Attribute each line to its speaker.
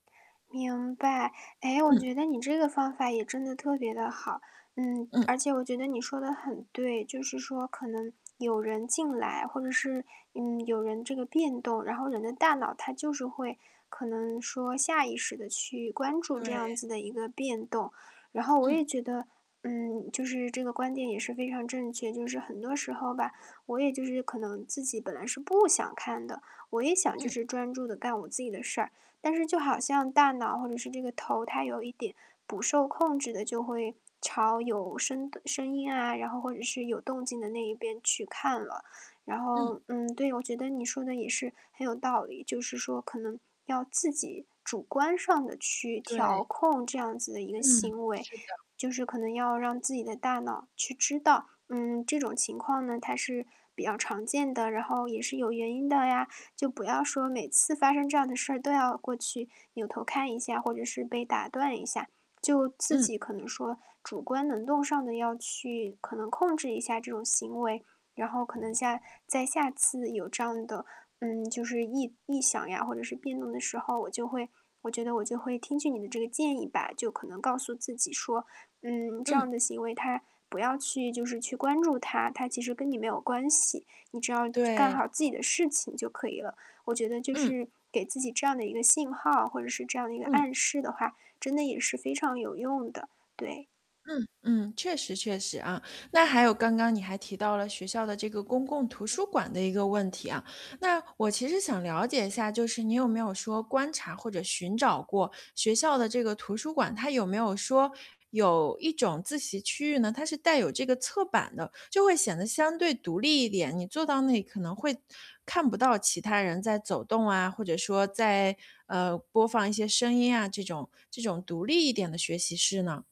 Speaker 1: 明白。诶，我
Speaker 2: 嗯。
Speaker 1: 觉得你这个方法也真的特别地好。嗯，
Speaker 2: 嗯。
Speaker 1: 而且我觉得你说得很对，就是说可能有人进来，或者是，嗯，有人这个变动。然后人的大脑，它就是会，可能说下意识地去关注这
Speaker 2: 对。
Speaker 1: 样子的一个变动。然后我也
Speaker 2: 嗯。
Speaker 1: 觉得，嗯，就是这个观点也是非常正确。就是很多时候吧，我也就是可能自己本来是不想看的，我也想就
Speaker 2: 嗯。
Speaker 1: 是专注地干我自己的事儿。但是就好像大脑或者是这个头，它有一点不受控制地就会朝有声的声音啊，然后或者是有动静的那一边去看了。然后，
Speaker 2: 嗯。
Speaker 1: 嗯，对，我觉得你说的也是很有道理，就是说可能要自己主观上地去
Speaker 2: 对。
Speaker 1: 调控这样子的一个
Speaker 2: 嗯，
Speaker 1: 行为。
Speaker 2: 是的。
Speaker 1: 就是可能要让自己的大脑去知道，嗯，这种情况呢它是比较常见的。然后也是有原因的呀，就不要说每次发生这样的事儿都要过去扭头看一下，或者是被打断一下，就自
Speaker 2: 嗯。
Speaker 1: 己可能说主观能动上的要去，可能控制一下这种行为。然后可能下再下次有这样的，嗯，就是异异响呀，或者是辩论的时候，我就会我觉得我就会听取你的这个建议吧，就可能告诉自己说，嗯，这
Speaker 2: 嗯。
Speaker 1: 样的行为，它不要去就是去关注它。它其实跟你没有关系，你只要就干
Speaker 2: 对。
Speaker 1: 好自己的事情就可以了。我觉得就
Speaker 2: 嗯。
Speaker 1: 是给自己这样的一个信号，或者是这样的一个
Speaker 2: 嗯。
Speaker 1: 暗示的话，真的也是非常有用的，对。
Speaker 2: 嗯，嗯，确实确实啊。那还有刚刚你还提到了学校的这个公共图书馆的一个问题啊。那我其实想了解一下，就是你有没有说观察或者寻找过学校的这个图书馆，它有没有说，有一种自习区域呢？它是带有这个侧版的，就会显得相对独立一点，你坐到那里可能会看不到其他人在走动啊，或者说在，呃，播放一些声音啊，这种这种独立一点的学习室呢？